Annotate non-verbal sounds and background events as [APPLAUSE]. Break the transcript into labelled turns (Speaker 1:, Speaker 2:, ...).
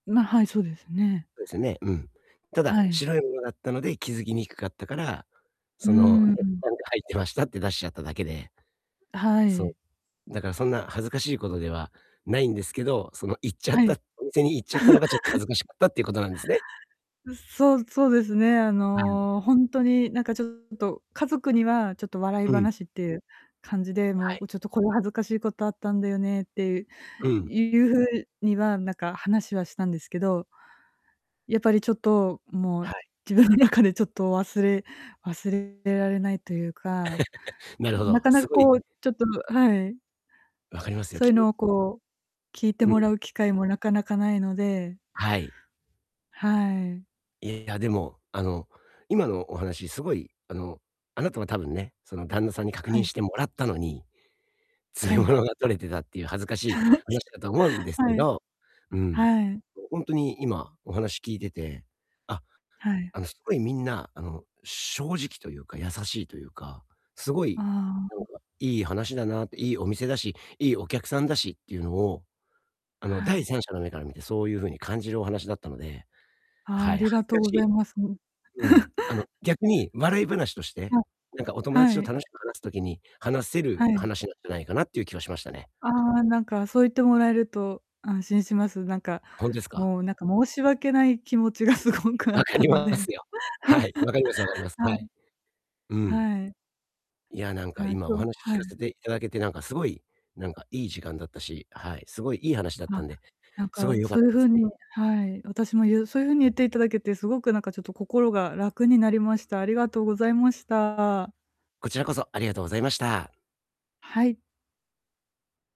Speaker 1: まあ、はい、そうですね。
Speaker 2: そうですよね。うん。ただ、
Speaker 1: はい。
Speaker 2: 白いものだったので、気づきにくかったから、
Speaker 1: うー
Speaker 2: その、
Speaker 1: ん、う
Speaker 2: ね、
Speaker 1: ん。
Speaker 2: なんか入ってましたって出しちゃっただけで。
Speaker 1: あ、は
Speaker 2: そう、
Speaker 1: い。
Speaker 2: だからそんな恥ずかしいことではないんですけど、その、言っちゃっ
Speaker 1: は
Speaker 2: た、
Speaker 1: い。
Speaker 2: お店に言っちゃったのがちょっ恥
Speaker 1: [LAUGHS]
Speaker 2: ずかしかったっていうことなんですね。
Speaker 1: う、そうそうですね、あ
Speaker 2: はい。
Speaker 1: の、ほんとになんかちょっと、家族にはちょっと笑い
Speaker 2: うん。
Speaker 1: 話っていう感じで、も
Speaker 2: は
Speaker 1: う、
Speaker 2: い。
Speaker 1: こちょっとこう恥ずかしいことあったんだよねっていう
Speaker 2: うん。
Speaker 1: いう風にはなんか話はしたんですけどやっぱりちょっと、もう、
Speaker 2: はい。
Speaker 1: 自分の中でちょっと忘れ忘れられないというか、
Speaker 2: [CHUCKLES] なるほ
Speaker 1: な
Speaker 2: ど、
Speaker 1: かな
Speaker 2: す
Speaker 1: か
Speaker 2: ごい
Speaker 1: こう、ちょっとはい。
Speaker 2: 分かりますよ、
Speaker 1: そういう
Speaker 2: 急
Speaker 1: のをこう、聞いて
Speaker 2: う
Speaker 1: もら
Speaker 2: ん。
Speaker 1: う機会もなかなか無いので
Speaker 2: はい。
Speaker 1: はい。
Speaker 2: いや、でも、あの、今のお話、すごい、あの、あなたは多分ね、その旦那さんに確
Speaker 1: は
Speaker 2: 認
Speaker 1: い。
Speaker 2: してもらったのに、詰
Speaker 1: は
Speaker 2: め
Speaker 1: い。
Speaker 2: 物が取れてたっていう恥ずかし
Speaker 1: 話
Speaker 2: い、話したかと思うん
Speaker 1: [CHUCKLES]
Speaker 2: ですけ
Speaker 1: はい。
Speaker 2: ど、うん、
Speaker 1: はい。
Speaker 2: うう、ほんとに、今お話聞いてて、あ、
Speaker 1: はい。
Speaker 2: あの、すごい、みんな、あの、正直というか優しいというか、すご
Speaker 1: あ
Speaker 2: いな
Speaker 1: あ、
Speaker 2: ん
Speaker 1: ん。
Speaker 2: かいい話だなって、いいお店だし、いいお客さんだしっていうのを、あの、
Speaker 1: は
Speaker 2: 第
Speaker 1: い。
Speaker 2: 三者の目から見てそういう風に感じるお話だったので、
Speaker 1: ああ、
Speaker 2: は
Speaker 1: あ
Speaker 2: い、
Speaker 1: りが
Speaker 2: 恥ず
Speaker 1: とう
Speaker 2: か
Speaker 1: ご
Speaker 2: しい
Speaker 1: ざいます、うん。
Speaker 2: うん、あの、
Speaker 1: [LAUGHS]
Speaker 2: 逆に笑い話として、
Speaker 1: はい。
Speaker 2: なんかお友達
Speaker 1: は
Speaker 2: と
Speaker 1: い。
Speaker 2: 楽しく話す時に、話せ
Speaker 1: は
Speaker 2: る
Speaker 1: い。
Speaker 2: 話なんじゃないかなっていう気はしましたね。
Speaker 1: ああ、なんか、そう言ってもらえると安心します。なんか、
Speaker 2: ほんですか？
Speaker 1: もう、なんか、申し訳ない気持ちがすごくあ
Speaker 2: 分
Speaker 1: っ
Speaker 2: か
Speaker 1: た
Speaker 2: り
Speaker 1: の
Speaker 2: ま
Speaker 1: で。
Speaker 2: すよ。はい、分かります分かります。
Speaker 1: [LAUGHS]
Speaker 2: は
Speaker 1: は
Speaker 2: い。
Speaker 1: い。
Speaker 2: うん。
Speaker 1: はい。
Speaker 2: いや、なんか、
Speaker 1: ああ、
Speaker 2: 今
Speaker 1: そ
Speaker 2: お
Speaker 1: う、
Speaker 2: 話聞
Speaker 1: は
Speaker 2: か
Speaker 1: い。
Speaker 2: せて頂けて、なんかすごい、なんかいい時間だったし、はい、すごいいい話だった
Speaker 1: あ、
Speaker 2: んで。
Speaker 1: なん
Speaker 2: すご
Speaker 1: か
Speaker 2: い良かっ
Speaker 1: そういう
Speaker 2: す。
Speaker 1: 風に、はい、私も、ゆうそういう風に言っていただけてすごくなんか、ちょっと心が楽になりました。ありがとうございました。
Speaker 2: こちらこそありがとうございました。
Speaker 1: はい。